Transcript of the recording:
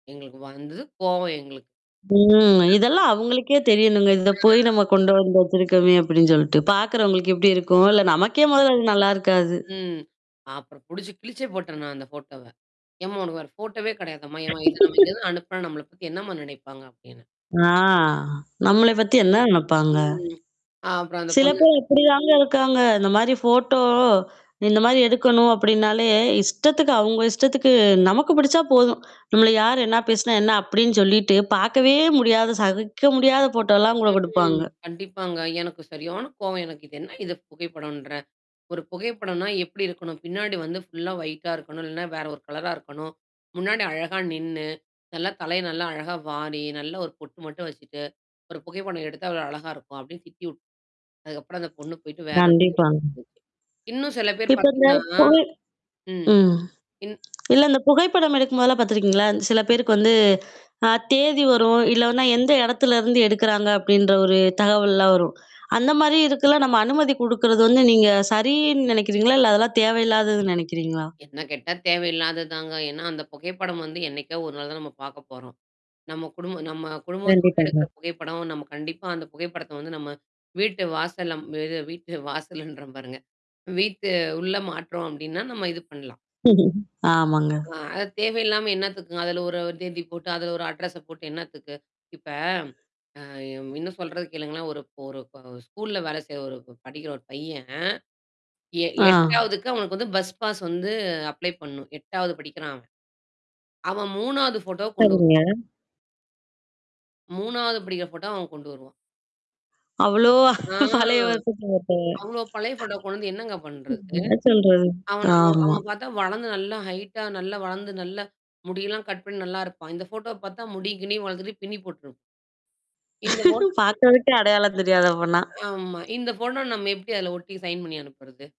எங்களுக்கு வந்துது கோவம் எங்களுக்கு ம். இதெல்லாம் [unintelligible] அவங்களுக்கே தெரியணுங்க. இத போய் ஆ. நம்ம கொண்டு வந்து வச்சிருக்கோமே அப்படின்னு சொல்லிட்டு. பாக்கறவங்களுக்கு எப்படி இருக்கும், இல்ல ஆம். நமக்கே முதல்ல அது நல்லா இருக்காது. ம். அப்புறம் புடிச்சு கிழிச்சே போட்டேன் நான் அந்த ஃபோட்டோவ. ஏம்மா உனக்கு வேற போட்டோவே கிடையாதம்மா, ஏம்மா இத நம்ம இங்கிருந்து அனுப்புனா நம்மள பத்தி என்னம்மா நினைப்பாங்க அப்டினேன். ஆ நம்மள பத்தி என்ன நினைப்பாங்க? ம். ஆ அப்புறம் அந்த சில பொண்ணு பேர் இப்படிதாங்க இருக்காங்க. இந்த மாரி ஃபோட்டோ இந்த மாரி எடுக்கணும் அப்டின்னாலே, இஷ்டத்துக்கு அவங்க இஷ்டத்துக்கு நமக்கு பிடிச்சா போதும். நம்மள யார் என்ன பேசினா, என்ன அப்டின்னு சொல்லிட்டு பாக்கவே முடியாது, சகிக்க முடியாத ஃபோட்டோலாம் கூட ம். குடுப்பாங்க. கண்டிப்பாங்க. எனக்கு சரியானா கோவம் எனக்கு இது என்ன இது புகைப்படோன்ற, ஒரு புகைப்படம்னா எப்படி இருக்கணும். பின்னாடி வந்து ஃபுல்லா ஒயிட்டா இருக்கணும், இல்லைனா வேற ஒரு கலரா இருக்கணும். முன்னாடி அழகா நின்னு. நல்லா தலைய நல்லா அழகா வாரி, நல்லா ஒரு பொட்டு மட்டும் வச்சுட்டு. ஒரு புகைப்படம் எடுத்து எவ்வள அழகா இருக்கும். அப்டின்னு திட்டி விட் அதுக்கப்புறம் அந்த பொண்ணு போய்ட்டு வேற ஒரு புகைப்படம் கண்டிப்பாங்க. எடுத்து வந்துச்சு. இன்னும் சில பேர் இப்ப இந்த பாத்தீங்கன்னா. [unintelligible] ம், ம். இன் இல்ல இந்த புகைப்படம் எடுக்கும்போதெல்லாம் பாத்துருக்கீங்களா? சில பேருக்கு வந்து, அ தேதி வரும், இல்லன்னா எந்த இடத்துலருந்து எடுக்குறாங்க அப்படின்ற ஒரு தகவல்லாம் வரும். அந்த மாரி இருக்குல்லாம் நம்ம அனுமதி குடுக்குறது வந்து நீங்க சரின்னு நினைக்கிறீங்களா? இல்ல அதெல்லாம் தேவையில்லாததுன்னு நினைக்கிறீங்களா? என்ன கேட்டா தேவையில்லாதது தாங்க. ஏன்னா அந்த புகைப்படம் வந்து என்னைக்கா ஒரு நாள் தான் நம்ம பாக்க போறோம். நம்ம குடும்ப நம்ம குடும்பத்தோடு எடுக்கிற கண்டிப்பாங்க. புகைப்படம் நம்ம கண்டிப்பா அந்த புகைப்படத்த வந்து, நம்ம வீட்டு வாசல்ல ம். இது வீட்டு வாசல்ன்ற பாருங்க. வீட்டு உள்ள மாற்றோம் அப்டின்னா, நம்ம இது பண்ணலாம். ஆமாங்க. அ, அது தேவையில்லாம என்னத்துக்குங்க? அதுல ஒரு ஒரு தேதி போட்டு, அதுல ஒரு அட்ரஸ்ச போட்டு என்னத்துக்கு இப்ப. அ இன்னும் சொல்றது கேளுங்களான், ஒரு ஒரு க ஸ்கூல்ல வேலை செய்ற ஒரு படிக்கிற ஒரு பையன். எ ஆ. 8வதுக்கு அவனுக்கு வந்து பஸ் பாஸ் வந்து அப்ளை பண்ணும். 8வது படிக்கிறான் அவன். அவன் 3வது ஃபோட்டோ கொண்டு வர சரிங்க. 3வது படிக்கிற ஃபோட்டோவ அவன் கொண்டு வருவான். அவ்ளோ ஆ. பழைய வருஷத்த அவ்ளோ பழைய ஃபோட்டோவ கொண்டு வந்து என்னங்க போட்டோவ. பண்றது? [unintelligible] அவன் ஒ ஆமா. அவன பாத்தா வளந்து நல்லா ஹைட்டா நல்லா வளந்து நல்லா முடியெல்லாம் கட் பண்ணி நல்லாருப்பான். இந்த ஃபோட்டோவ பாத்தா, முடிய கிடியும் வளத்துட்டு பின்னி போட்டுருப் இந்த போட்டோ [unintelligible] பாக்கறதுக்கே அடையாளம் தெரியாது அப்பன்னா. ஆமா. இந்த ஃபோட்டோவ நம்ம எப்படி அதில ஒட்டி சைன் பண்ணி அனுப்புறது?